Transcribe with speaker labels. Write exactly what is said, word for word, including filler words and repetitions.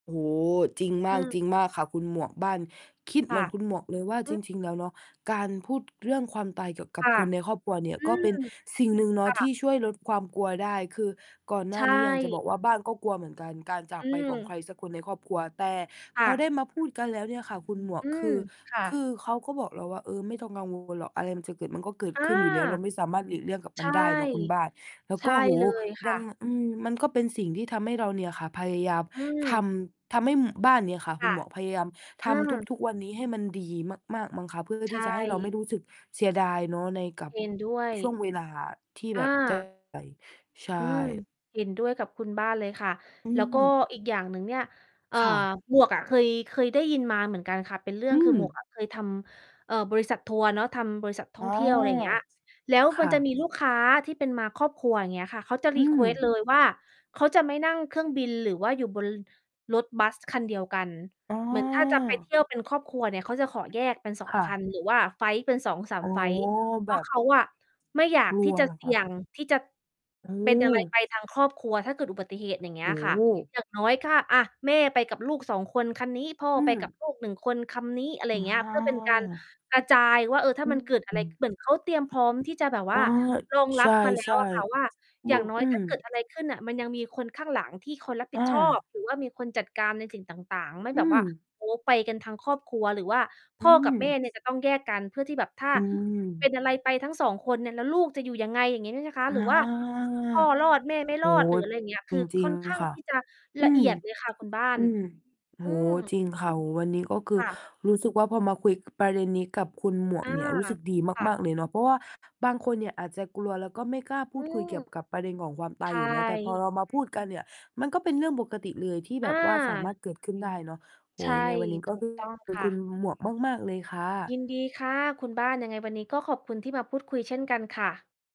Speaker 1: โอ้โฮ จริงมา
Speaker 2: อื
Speaker 1: ก
Speaker 2: อ
Speaker 1: จริงมากค่ะคุณหมวก บ้านคิด
Speaker 2: ค
Speaker 1: เหม
Speaker 2: ่
Speaker 1: ื
Speaker 2: ะ
Speaker 1: อนคุณหมวกเลยว่า
Speaker 2: อื
Speaker 1: จ
Speaker 2: อ
Speaker 1: ริง ๆ แล้วเนาะ การพูดเรื่องความตายเกี่ยวก
Speaker 2: ค
Speaker 1: ับ
Speaker 2: ่ะ
Speaker 1: คนในครอบครัวเนี่ย
Speaker 2: อื
Speaker 1: ก็เป
Speaker 2: อ
Speaker 1: ็นสิ่งหนึ่งเน
Speaker 2: ค
Speaker 1: าะ
Speaker 2: ่
Speaker 1: ที
Speaker 2: ะ
Speaker 1: ่ช่วยลดความกลัวได้ คือก่อนหน
Speaker 2: ใช
Speaker 1: ้านี้อยากจะ
Speaker 2: ่
Speaker 1: บอกว่าบ้านก็กลัวเหมือนกัน การจา
Speaker 2: อ
Speaker 1: ก
Speaker 2: ื
Speaker 1: ไปของใค
Speaker 2: ม
Speaker 1: รสักคนในครอบครัว แต่
Speaker 2: ค
Speaker 1: พ
Speaker 2: ่
Speaker 1: อไ
Speaker 2: ะ
Speaker 1: ด้มาพูดกันแล้วเนี่ยค่ะคุณหมวก
Speaker 2: อื
Speaker 1: ค
Speaker 2: ม
Speaker 1: ือ
Speaker 2: ค่
Speaker 1: คื
Speaker 2: ะ
Speaker 1: อเขาก็บอกเราว่า "เออไม่ต้องกัง วล หรอก อะไรมันจะเกิดมันก็เกิด
Speaker 2: อา
Speaker 1: ขึ้นอยู่แล้ว" เราไม่สามารถหลีกเลี่ยงกับ
Speaker 2: ใ
Speaker 1: ม
Speaker 2: ช
Speaker 1: ัน
Speaker 2: ่
Speaker 1: ได้เนาะคุณบ้าน แล้ว
Speaker 2: ใช
Speaker 1: ก
Speaker 2: ่
Speaker 1: ็ โอ้โฮ
Speaker 2: เลยค
Speaker 1: ด
Speaker 2: ่
Speaker 1: ัง
Speaker 2: ะ
Speaker 1: อืม มันก็เป็นสิ่งที่ทำให้เราเนี่ยค่ะ พยายาม
Speaker 2: อื
Speaker 1: ท
Speaker 2: ม
Speaker 1: ำ ทำให้บ้านเนี่ยค่ะ
Speaker 2: ค
Speaker 1: คุ
Speaker 2: ่
Speaker 1: ณ
Speaker 2: ะ
Speaker 1: หมวก พยายามท
Speaker 2: อื
Speaker 1: ำ
Speaker 2: ม
Speaker 1: ทุก ๆ วันนี้ให้มันดีมาก ๆ มั้งคะ เพื่อ
Speaker 2: ใช
Speaker 1: ที่จะให้เราไม่
Speaker 2: ่
Speaker 1: รู้สึกเสียดายเนาะในกับ
Speaker 2: เห็น ด้วย
Speaker 1: ช่วงเวลาที่แ
Speaker 2: อ
Speaker 1: บบ จะ
Speaker 2: า
Speaker 1: [unintelligible] ใช
Speaker 2: อืม
Speaker 1: ่
Speaker 2: เห็นด้วยกับคุณบ้านเลยค่ะ
Speaker 1: อื
Speaker 2: แล้วก็
Speaker 1: ม
Speaker 2: อีกอย่างหนึ่งเนี่ย เอ่อ
Speaker 1: ค่ะ
Speaker 2: หมวกอ่ะเคย เคยได้ยินมาเหมือนกันค่ะ เป็นเรื่
Speaker 1: อ
Speaker 2: อ
Speaker 1: ื
Speaker 2: ง คือหมว
Speaker 1: ม
Speaker 2: กอะเคยทำ เอ่อ บริษัททัวร์เนาะ ทำบริษัทท
Speaker 1: อ
Speaker 2: ่
Speaker 1: ๋
Speaker 2: อ
Speaker 1: อ
Speaker 2: งเที่ยว อะไรอย่างเงี้ย แล้ว
Speaker 1: ค
Speaker 2: มัน
Speaker 1: ่
Speaker 2: จะ
Speaker 1: ะ
Speaker 2: มีลูกค้าที่เป็นมาครอบครัว อย่างเงี้ยค่ะ เขาจะ
Speaker 1: อื
Speaker 2: รีเค
Speaker 1: ม
Speaker 2: วสต์เลยว่า เขาจะไม่นั่งเครื่องบินหรือว่าอยู่บน ร รถบัสคันเดียวกัน
Speaker 1: อ๋อ
Speaker 2: เหมือนถ้าจะไปเที่ยวเป็นครอบครัวเนี่ยเขาจะขอแยกเป็น สอ
Speaker 1: ค
Speaker 2: ง
Speaker 1: ่ะ
Speaker 2: คัน หรือว่าไฟลต์เป็น สองสา
Speaker 1: อ๋
Speaker 2: ม
Speaker 1: อ
Speaker 2: ไฟลต์ เ
Speaker 1: แ
Speaker 2: พ
Speaker 1: บ
Speaker 2: ราะ
Speaker 1: บ
Speaker 2: เขาอะไม่อยา
Speaker 1: ก
Speaker 2: ก
Speaker 1: ล
Speaker 2: ท
Speaker 1: ั
Speaker 2: ี่
Speaker 1: ว
Speaker 2: จะ
Speaker 1: เหรอ
Speaker 2: เส
Speaker 1: ค
Speaker 2: ี
Speaker 1: ะ?
Speaker 2: ่ยงที่จะ
Speaker 1: อื
Speaker 2: เป็นอะไร
Speaker 1: ม
Speaker 2: ไปทางครอบครัวถ้าเกิดอุบัติเหตุ อย่างเง
Speaker 1: โ
Speaker 2: ี
Speaker 1: อ
Speaker 2: ้ย
Speaker 1: ้
Speaker 2: ค่ะ
Speaker 1: โฮ
Speaker 2: อย่างน้อย ค่า อะ แม่ไปกับลูก สอง คนคันนี้พ่อ
Speaker 1: อื
Speaker 2: ไป
Speaker 1: ม
Speaker 2: กับลูก หนึ่ง คนคำนี้ อะไรอ
Speaker 1: อ
Speaker 2: ย่างนี้ เพื่อเป็นการ
Speaker 1: า
Speaker 2: กระจายว่า เออ ถ้
Speaker 1: อ
Speaker 2: า
Speaker 1: ื
Speaker 2: มันเกิดอะ
Speaker 1: อ
Speaker 2: ไร ข เหมือนเขา เตรียมพร้อมที่จะแบบว
Speaker 1: อ๋
Speaker 2: ่
Speaker 1: อ
Speaker 2: ารอง
Speaker 1: ใช
Speaker 2: รับมาแล้ว
Speaker 1: ่
Speaker 2: อะค่ะว่า
Speaker 1: ๆ โบ
Speaker 2: อย่างน้อ
Speaker 1: อ
Speaker 2: ย
Speaker 1: ื
Speaker 2: ถ้
Speaker 1: ม
Speaker 2: าเกิดอะไรขึ้นอะมันยังมีคนข้างหลังที่คนรับผ
Speaker 1: อ
Speaker 2: ิดชอบ
Speaker 1: า
Speaker 2: หรือว่ามีคนจัดการในสิ่งต่าง ๆ ไม่
Speaker 1: อื
Speaker 2: แบบว่า
Speaker 1: ม
Speaker 2: โอ้โฮ ไปกันทั้งครอบครัว หรือว่า
Speaker 1: อ
Speaker 2: พ่อ
Speaker 1: ื
Speaker 2: กับแม่
Speaker 1: ม
Speaker 2: เนี่ยจะต้องแยกกันเพื่อที่แบบ ถ้า
Speaker 1: อื
Speaker 2: เป็
Speaker 1: ม
Speaker 2: นอะไรไปทั้งสองคน แล้วลูกจะอยู่ยังไง อย่างงี้นี่นะคะ
Speaker 1: อา
Speaker 2: หรือว่าพ่อรอดแม่ไม่
Speaker 1: โอ
Speaker 2: ร
Speaker 1: ้
Speaker 2: อด
Speaker 1: โฮ
Speaker 2: หรืออะไรอย่างเงี้ย ค
Speaker 1: จ
Speaker 2: ือ
Speaker 1: ร
Speaker 2: ค
Speaker 1: ิ
Speaker 2: ่
Speaker 1: ง
Speaker 2: อนข้าง
Speaker 1: ๆ ค่ะ
Speaker 2: ที่จะ
Speaker 1: อื
Speaker 2: ละเอ
Speaker 1: ม
Speaker 2: ียดเลยค่ะคุณบ้า
Speaker 1: อ
Speaker 2: น
Speaker 1: ืม โอ้
Speaker 2: อื
Speaker 1: โฮ จ
Speaker 2: ม
Speaker 1: ริงค่ะ วันนี้ก็คื
Speaker 2: ค
Speaker 1: อ
Speaker 2: ่ะ
Speaker 1: รู้สึกว่า พอมาคุยประเด็นนี้กับคุณหมว
Speaker 2: อ
Speaker 1: ก
Speaker 2: า
Speaker 1: เนี่ย รู้สึกดี
Speaker 2: ค่
Speaker 1: ม
Speaker 2: ะ
Speaker 1: าก ๆ เลยเนาะ เพราะว่าบางคนเนี่ยอาจจะกลัว แล้วก็ไม่กล้าพ
Speaker 2: อ
Speaker 1: ู
Speaker 2: ื
Speaker 1: ดคุย
Speaker 2: ม
Speaker 1: เกี่ยวกับประเด็นของความต
Speaker 2: ใช
Speaker 1: ายอยู่เนาะ แต่พอ
Speaker 2: ่
Speaker 1: เรามาพูดกันเนี่ย มันก็เป็นเรื่องปกติเลยที่แ
Speaker 2: อ
Speaker 1: บบว่าสามาร
Speaker 2: า
Speaker 1: ถเกิดขึ้นได้เนาะ โอ
Speaker 2: ใ
Speaker 1: ้
Speaker 2: ช
Speaker 1: โฮ
Speaker 2: ่
Speaker 1: ยังไงวันนี้ ก
Speaker 2: ถ
Speaker 1: ็
Speaker 2: ูกต้องค่
Speaker 1: คุณ
Speaker 2: ะ
Speaker 1: หมวกมาก ๆ เลยค่
Speaker 2: ย
Speaker 1: ะ
Speaker 2: ินดีค่ะคุณบ้าน ยังไงวันนี้ก็ขอบคุณที่มาพูดคุยเช่นกันค่ะ